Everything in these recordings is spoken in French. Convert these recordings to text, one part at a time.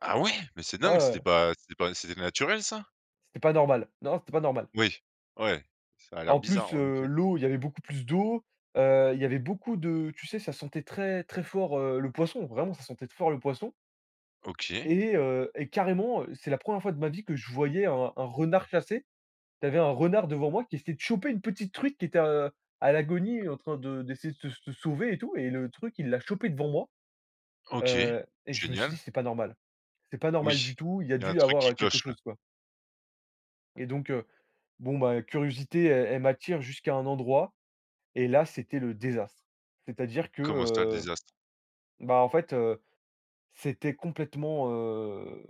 Ah ouais?! Mais c'est Ouais, dingue, c'était heu pas c'était pas c'était naturel ça? C'était pas normal. Non! C'était pas normal. Oui. Ouais! Ca a l'air En bizarre plus, en heu, effet. l'eau, il y avait beaucoup plus d'eau. Heu, il y avait beaucoup de tu sais, ça sentait très très fort, heu, le poisson, vraiment ça sentait t fort le poisson. OK. Et heu, et carrément, c'est la 1re fois de ma vie que je voyais un un renard chasser. Tu avais un renard devant moi qui essayait de choper une petite truite qui était, heu, à l'agonie et en train de d'essayer de se se sauver et tout et le truc, il l'a chopée devant moi! OK, Heu, et je me suis dit génial. c'était pas normal. C'est pas normal Oui! du tout, il y a Il y a un dû y truc avoir, qui heu, quelque cloche là. chose quoi! Et donc, heu, bon bah curiosité e elle m'attire jusqu'à un endroit, et là c'était le désastre! C'est-à-dire que, Comment ça, le heu, désastre? ben en fait, heu, c'était complètement heu,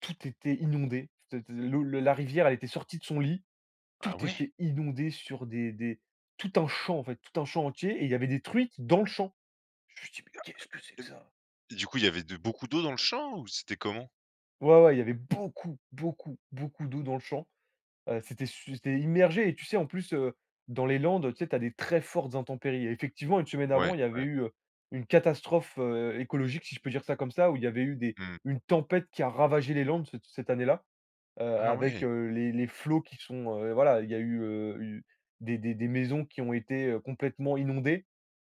tout était inondé t t t l'eau, la rivière, elle était sortie de son lit. Ah Tout ouais? était inondé sur des des tout un champ en fait, tout un champ entier, et il y avait des truites dans le champ. Je me suis dit: «Mais Il y a, qu'est-ce que c'est heu et que beh ça?» et du coup il avait de beaucoup d'eau dans le champ ou c'était comment? Ouais, ouais! Il y avait beaucoup, beaucoup, beaucoup d'eau dans le champ. Heu, c'était su c'était immergé. Et tu sais, en plus, heu, dans les Landes, tu sais, tu as des très fortes intempéries. Et effectivement, une semaine Ouais, avant, il y avait ouais. eu une catastrophe, heu, écologique- si je peux dire ça comme ça- où il y avait eu des Mmh. une tempête qui a ravagé les Landes c cette année-là, heu, Ah avec, ouais! heu, les les flots qui sont, heu, voilà, il y a eu, heu, eu des des des maisons qui ont été complètement heu inondées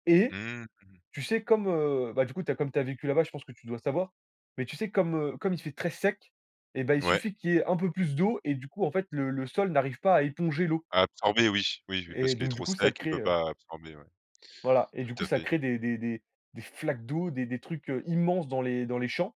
et Mmh mh. tu sais comme, heu, ben du coup, tu as comme tu as vécu là-bas, je pense que tu dois le savoir. Mais tu sais comme, heu, comme il fait très sec, et bah, il Ouais. suffit qu'il y ait un peu plus d'eau et du coup en fait le le sol n'arrive pas à éponger l'eau! A absorber? Oui, oui oui Et parce qu'il est donc, du trop coup ça sec, il crée, peut heu pas absorber ouais. Voilà! Et du Tout coup, à ça fait. crée des des des des flaques d'eau, des des trucs heu immenses dans les dans les champs!